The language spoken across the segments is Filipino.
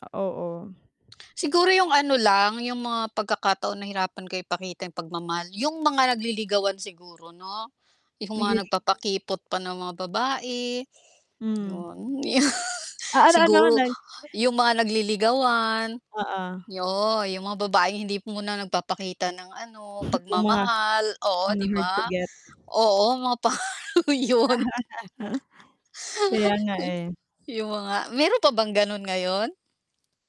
Ah, oo. Siguro yung ano lang, yung mga pagkakataon nahirapan ka ipakita yung pagmamahal, yung mga nagliligawan siguro 'no? Yung mga Naglili nagpapakipot pa na mga babae, Hmm. 'yon. 'Yo Ah, ano, ano Siguro nag yung mga nagliligawan, Oo. yo yung mga babaeng hindi muna nagpapakita ng ano, Yung mga, pagmamahal, oo, mga 'di hard to ba? get. Oo mga pa 'yon. Kaya nga, eh. Yung mga mayro'n pa bang gano'n ngayon?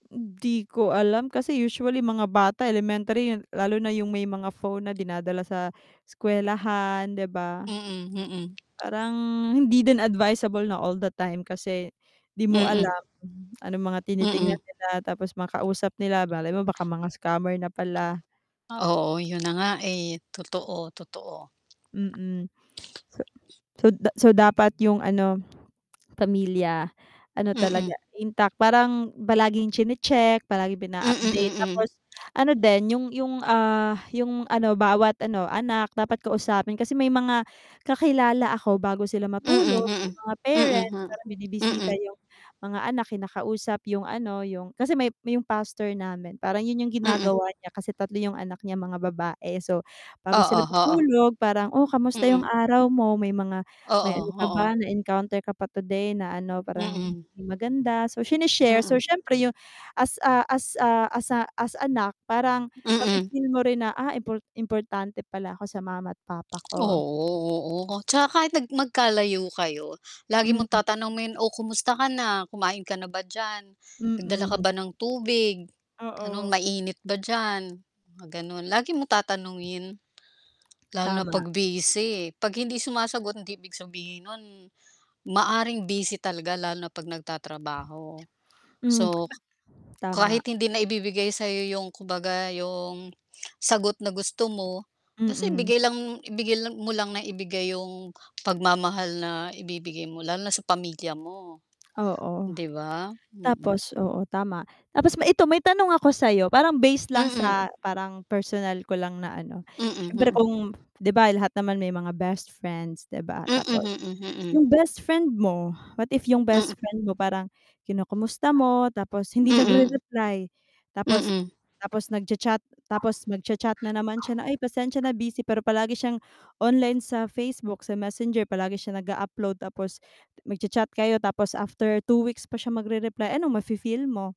Hindi ko alam kasi usually mga bata, elementary, lalo na yung may mga phone na dinadala sa eskuwelahan, 'di ba? Mm, mm. Parang hindi din advisable na all the time kasi 'di mo Mm. alam, anong mga Mm. tinitingnan nila tapos makausap nila, malay mo baka mga scammer na pala. Oo, 'yun na nga, eh, totoo, totoo. Mm. So so da so dapat yung ano, pamilya ano Mm. talaga intact parang palaging chine-check palaging pin Mm, ina-update mm. tapos ano din yung yung, ah, yung ano bawat ano, anak dapat kausapin kasi may mga kakilala ako bago sila Mm, matulog yung mm, mga mm, parents ha, parang binibisita mm. yung mga anak kinakausap yung ano, yung kasi may yung pastor namin parang 'yun yung Mm. ginagawa niya kasi 3 yung anak niya mga babae so, bago sila Oo, oo. matulog parang, "Oh, kamusta yung Mm. araw mo may mga may Oo, ano ka oo. ba na-encounter ka pa today na ano parang Mm. maganda." So sini-share, so Mm. siyempre yung as, ah, as, ah, as as anak parang Mm. mafi-feel mo rin na, "Ah, import importante pala ako sa mama't papa ko." Oo, oo, Tapos 'tsaka kahit nag magkalayo kayo lagi Hmm. mong tatanungin, "Oh, kumusta ka na kumain ka na ba diyan? Nagdala ka Mm. ba ng tubig?" Gano'n. Oo. Mainit ba diyan? Gano'n, lagi mong tatanungin. Lalo na Tama. 'pag busy, 'pag hindi sumasagot hindi ibig sabihin no'n maaaring busy talaga lalo na 'pag nagtatrabaho. Hmm, So, ka kahit tama. hindi na ibibigay sa'yo yung kumbaga yung, sagot na gusto mo, basta Mm. ibigay lang, ibigay lang mo lang nang ibigay yung pagmamahal na ibibigay mo lalo na sa pamilya mo. Oo, 'Di ba? Mm. tapos oo, tama, tapos ma ito may tanong ako sa'yo parang base lang Mm. sa parang personal ko lang na ano, Mm, siyempre mm. kung 'di ba, lahat naman may mga best friends 'di ba, Mm, tapos mm, mm. yung bestfriend mo, what if yung Mm. bestfriend mo, parang kinukumusta mo tapos hindi Mm. nagre-reply tapos, Mm. tapos nagcha-chat tapos magcha-chat na naman siya na, "Ay, pasensya na busy." Pero palagi siyang online sa Facebook, sa Messenger palagi siya nag-a-upload tapos magcha-chat kayo tapos after 2 weeks pa siya magre-reply, anong mafi-feel mo?